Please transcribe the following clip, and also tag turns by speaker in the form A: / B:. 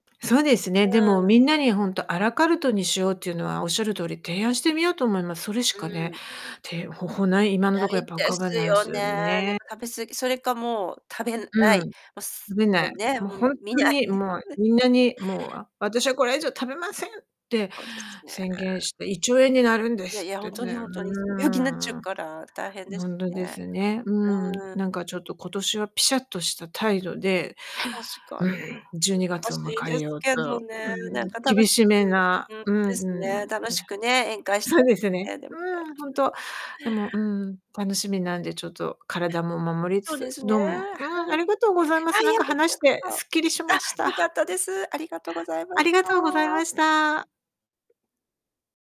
A: そうですね、
B: う
A: でも
B: ーん。
A: みんなにほんとアラカルトにしようっていうのは、おっしゃる通り、提案してみようと思います。それし
B: う
A: かね、
B: ーん。
A: 手方法ない今の
B: な
A: ところや
B: い
A: っぱ浮
B: で
A: かば
B: す
A: ない
B: よ
A: す
B: ね。
A: よ
B: なん
A: ね。
B: か食べ過ぎ。それかもう食べな
A: うー
B: い。
A: ん。
B: も
A: 食
B: す
A: べ
B: も
A: ない。
B: うね、も
A: もうほんと
B: う見ない。
A: に、もう みんなに「もう、あ、私はこれ以上食べません」って
B: そうですね。
A: 宣言して「胃腸炎になるんで
B: いやい
A: す」っ
B: や、ほ
A: て
B: んとに
A: ね。う
B: ほんとに、うん、病気になっちゃう
A: ーん。
B: から大変で
A: ほ
B: す
A: んとで
B: ね。
A: すね。うん。
B: うーん。
A: なんか、ちょっと今年はピシャッとした態度で、
B: 確か
A: うん、じゅうにが
B: 難
A: つを
B: しい
A: 迎
B: で
A: え
B: す
A: よう
B: けど
A: と
B: ね。
A: うーん、
B: なんか楽
A: 厳
B: しく
A: しめな、
B: ほんと
A: うーん、
B: ですね、楽し
A: な
B: くね、宴会し
A: そ
B: た
A: う
B: い
A: で
B: で
A: す
B: す
A: よね。
B: ね。でも
A: う
B: ね。
A: ーん、ほん と。でも、うーん、楽しみなんで、ちょっと体も守りつ
B: そう
A: つ、
B: ですね、
A: どう
B: は
A: も
B: い。
A: うーん、ありがとうございま
B: あ、
A: す。
B: い
A: なん
B: や、
A: か、
B: べち
A: 話
B: ら
A: し
B: こ
A: てすっきりし
B: そ。
A: ま
B: あ、
A: し
B: よか
A: た。
B: ったです。ありがとうございまし
A: ありがとうござい
B: た。
A: ました。